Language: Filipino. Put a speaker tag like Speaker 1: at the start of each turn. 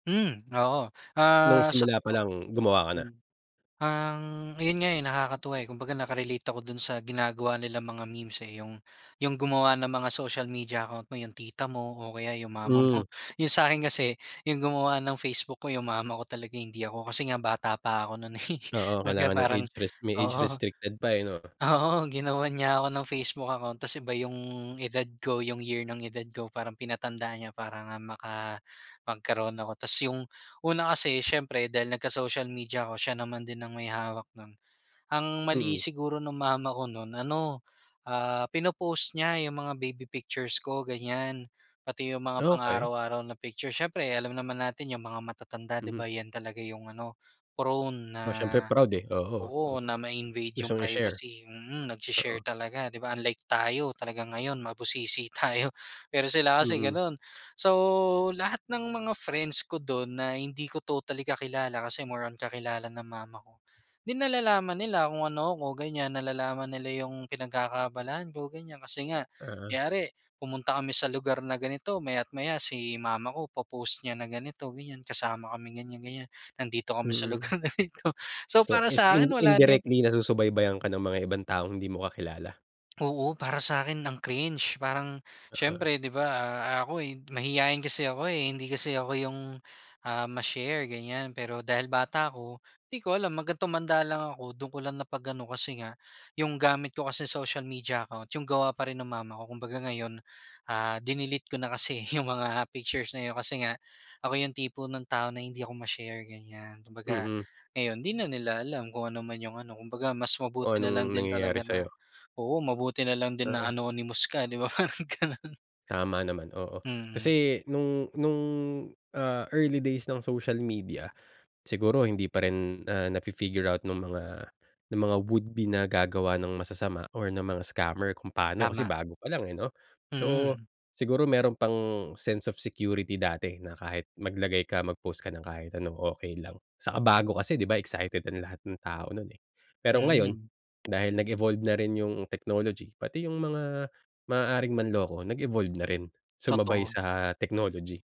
Speaker 1: Hmm, oo.
Speaker 2: Nung
Speaker 1: Ah, sa
Speaker 2: simula
Speaker 1: totoo
Speaker 2: palang, gumawa ka na?
Speaker 1: hmm, ang ayun nga, eh, nakakatuwa, eh, kumbaga naka-relate ako do'n sa ginagawa nilang mga memes, eh, yung, yung gumawa ng mga social media account mo yung tita mo o kaya yung mama
Speaker 2: Hmm.
Speaker 1: mo, yung sakin kasi yung gumawa ng Facebook ko yung mama ko talaga hindi ako, kasi nga bata pa ako no'n, eh,
Speaker 2: Oo,
Speaker 1: kumbaga
Speaker 2: kailangan ng
Speaker 1: parang
Speaker 2: age res may age
Speaker 1: oo.
Speaker 2: restricted pa, eh, 'no.
Speaker 1: Oo, ginawan niya ako ng facebook account ta's iba yung edad ko yung year ng edad ko, parang pinatanda niya para nga maka magkaroon ako. Ta's yung una kasi siyempre dahil nagka-social media ako siya naman din ang may hawak no'n, ang mali
Speaker 2: Mm.
Speaker 1: siguro ng mama ko no'n ano, ah, pinopost niya yung mga baby pictures ko ganyan, pati yung mga
Speaker 2: Okey.
Speaker 1: pang-araw-araw na picture, siyempre alam naman natin yung mga matatanda di
Speaker 2: Mm.
Speaker 1: ba, yan talaga yung ano prone na
Speaker 2: Oh, siyempre proud, eh, oo,
Speaker 1: oo,
Speaker 2: oo
Speaker 1: na ma-invade yung
Speaker 2: gustong i-share.
Speaker 1: privacy, mm, nag-she-share
Speaker 2: Oo.
Speaker 1: talaga 'di ba, unlike tayo talagang ngayon mabusisi tayo pero sila kasi
Speaker 2: Mm.
Speaker 1: gano'n. So lahat ng mga friends ko do'n na hindi ko totally kakilala, kasi more on kakilala ng mama ko, 'di nalalaman nila kung ano ako, ganyan nalalaman nila yung pinagkakaabalahan ko ganyan, kasi nga
Speaker 2: Ah.
Speaker 1: kunwari pumunta kami sa lugar na ganito maya't maya si mama ko po-post niya na ganito ganyan, kasama kami ganyan-ganyan nandito kami sa
Speaker 2: Mm.
Speaker 1: lugar na ito, so
Speaker 2: So,
Speaker 1: para
Speaker 2: is
Speaker 1: sa akin
Speaker 2: in
Speaker 1: wala na yung
Speaker 2: indirectly nasusubaybayan ka ng mga ibang taong hindi mo kakilala.
Speaker 1: Oo, para sakin ang cringe, parang
Speaker 2: Oo.
Speaker 1: siyempre 'di ba, ah, ako, eh, mahiyain kasi ako, eh, hindi kasi ako yung, ah, ma-share ganyan, pero dahil bata ako di ko alam, hanggang tumanda lang ako do'n ko lang na pag-ano kasi nga yung gamit ko kasi social media account yung gawa pa rin ng mama ko, kumbaga ngayon, ah, dinelete ko na kasi yung mga pictures na yun kasi nga ako yung tipo ng tao na hindi ako ma-share, ganyan. Kumbaga,
Speaker 2: Mm.
Speaker 1: ngayon hindi na nila alam kung ano man yung ano, kumbaga mas mabuti
Speaker 2: Kung
Speaker 1: nalang
Speaker 2: anong
Speaker 1: din
Speaker 2: nangyayari
Speaker 1: talaga na
Speaker 2: sayo.
Speaker 1: oo, mabuti nalang din na
Speaker 2: Oo.
Speaker 1: anonymous ka 'di ba, parang gano'n.
Speaker 2: Tama naman oo,
Speaker 1: Mm.
Speaker 2: kasi nung nung, ah, early days ng social media, siguro hindi pa rin, ah, na fi-figure out nung mga ng mga would be na gagawa ng masasama or ng mga scammer kung paano kasi
Speaker 1: Tama.
Speaker 2: bago pa lang, eh, 'no. So
Speaker 1: Mm.
Speaker 2: siguro mayro'n pang sense of security dati na kahit maglagay ka, mag post ka ng kahit ano okey lang 'saka bago kasi 'di ba excited ang lahat ng tao no'n, eh. Pero ngayon,
Speaker 1: Mm.
Speaker 2: dahil nag evolve na rin yung technology pati yung mga maaaring manloko nag evolve na rin sumabay
Speaker 1: Totoo.
Speaker 2: sa technology.